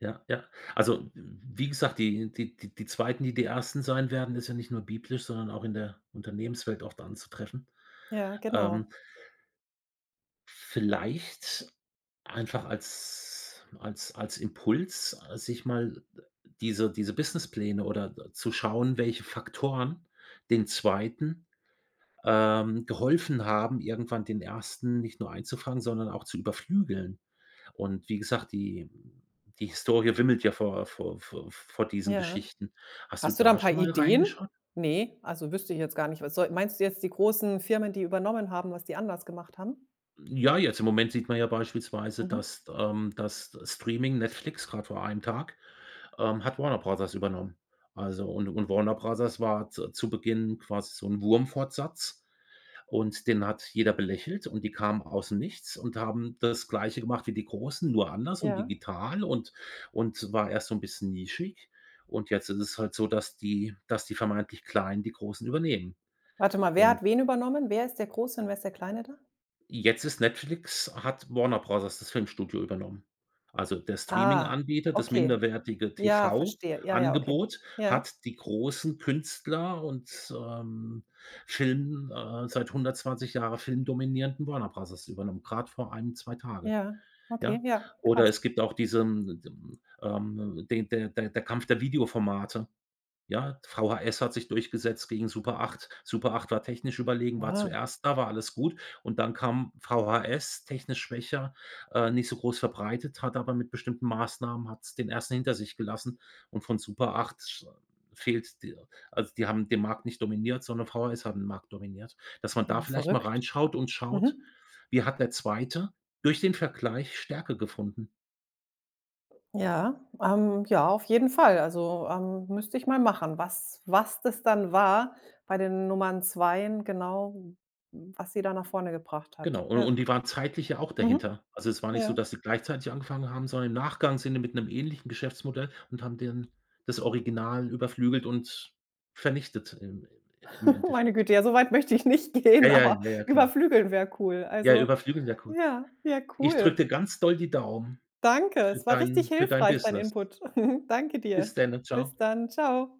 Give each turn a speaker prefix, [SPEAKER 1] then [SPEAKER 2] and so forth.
[SPEAKER 1] Ja, ja. Also, w wie gesagt, die die die 2., die die 1. sein werden, ist ja nicht nur biblisch, sondern auch in der Unternehmenswelt oft anzutreffen.
[SPEAKER 2] Ja, genau.
[SPEAKER 1] Ähm. Vielleicht einfach als als als Impuls, ah, sich mal diese diese Businesspläne oder d zu schauen, welche Faktoren den 2., ähm, geholfen haben, irgendwann den 1. nicht nur einzufangen, sondern auch zu überflügeln. Und wie gesagt, die die Historie wimmelt ja vor vor vor vor diesen
[SPEAKER 2] Ja.
[SPEAKER 1] Geschichten. Hast du
[SPEAKER 2] Hast du da 'n
[SPEAKER 1] da
[SPEAKER 2] paar
[SPEAKER 1] schon mal
[SPEAKER 2] Ideen?
[SPEAKER 1] reingeschaut?
[SPEAKER 2] Ne, also, wüsste ich jetzt gar nicht. Was soll meinst du jetzt die großen Firmen, die übernommen haben, was die anders gemacht haben?
[SPEAKER 1] Ja, jetzt im Moment sieht man ja beispielsweise,
[SPEAKER 2] Mhm.
[SPEAKER 1] dass, ähm dass Streaming, Netflix grad vor 1 Tag, ähm, hat Warner Bros. übernommen. Also, und und Warner Bros. war z zu Beginn quasi so 'n Wurmfortsatz. Und den hat jeder belächelt und die kamen aus dem Nichts und haben das Gleiche gemacht wie die Großen, nur anders und
[SPEAKER 2] Ja.
[SPEAKER 1] digital und und war erst so 'n bisschen nischig. Und jetzt ist es halt so, dass die dass die vermeintlich Kleinen die Großen übernehmen.
[SPEAKER 2] Warte mal, wer
[SPEAKER 1] Und
[SPEAKER 2] hat wen übernommen? Wer ist der Große und wer ist der Kleine da?
[SPEAKER 1] Jetzt ist Netflix hat Warner Bros. das Filmstudio übernommen. Also, der
[SPEAKER 2] Ah,
[SPEAKER 1] Streaminganbieter, das
[SPEAKER 2] okay.
[SPEAKER 1] minderwertige
[SPEAKER 2] Ja,
[SPEAKER 1] TV
[SPEAKER 2] verstehe. Ja, ja, okay.
[SPEAKER 1] Angebot
[SPEAKER 2] Ja.
[SPEAKER 1] hat die großen Künstler und, ähm, Film, äh seit 120 Jahre filmdominierenden Warner Bros. übernommen, grad vor 1, 2 Tage,
[SPEAKER 2] Ja, okay.
[SPEAKER 1] ja.
[SPEAKER 2] Ja,
[SPEAKER 1] Oder
[SPEAKER 2] krass.
[SPEAKER 1] es gibt auch diesen, d düm ähm, den der der der Kampf der Videoformate, ja? VHS hat sich durchgesetzt gegen Super 8. Super 8 war technisch überlegen, war
[SPEAKER 2] Ah.
[SPEAKER 1] zuerst da, war alles gut. Und dann kam VHS, technisch schwächer, äh, nicht so groß verbreitet, hat aber mit bestimmten Maßnahmen hat es den 1. hinter sich gelassen. Und von Super 8 fehlt d also, die haben den Markt nicht dominiert, sondern VHS haben den Markt dominiert, dass man da
[SPEAKER 2] Ja,
[SPEAKER 1] vielleicht mal
[SPEAKER 2] verrückt.
[SPEAKER 1] reinschaut und schaut,
[SPEAKER 2] Mhm.
[SPEAKER 1] wie hat der 2. durch den Vergleich Stärke gefunden?
[SPEAKER 2] Ja, ähm, ja, auf jeden Fall. Also, ähm, müsste ich mal machen, was was das dann war bei den Nummern 2en genau, was sie da nach vorne gebracht hat.
[SPEAKER 1] Genau, u
[SPEAKER 2] Ja.
[SPEAKER 1] und die waren zeitlich ja auch
[SPEAKER 2] Mhm.
[SPEAKER 1] dahinter. Also, es war nicht so,
[SPEAKER 2] Ja.
[SPEAKER 1] dass sie gleichzeitig angefangen haben, sondern im Nachgang sind die mit 'nem ähnlichen Geschäftsmodell und haben dann das Original überflügelt und vernichtet im im
[SPEAKER 2] Meine
[SPEAKER 1] Endeffekt.
[SPEAKER 2] Güte, ja so weit möchte ich nicht
[SPEAKER 1] Ja,
[SPEAKER 2] gehen,
[SPEAKER 1] ja,
[SPEAKER 2] aber
[SPEAKER 1] ja, ja, klar.
[SPEAKER 2] überflügeln wäre cool.
[SPEAKER 1] Ja,
[SPEAKER 2] Also
[SPEAKER 1] überflügeln wäre cool.
[SPEAKER 2] ja, ja
[SPEAKER 1] Ich
[SPEAKER 2] cool.
[SPEAKER 1] drücke dir ganz doll die Daumen
[SPEAKER 2] Danke.
[SPEAKER 1] für
[SPEAKER 2] Es war richtig
[SPEAKER 1] dein für dein
[SPEAKER 2] hilfreich dein
[SPEAKER 1] Business.
[SPEAKER 2] Input. Danke
[SPEAKER 1] Bis
[SPEAKER 2] dir.
[SPEAKER 1] denn. Tschau.
[SPEAKER 2] Bis dann. Tschau.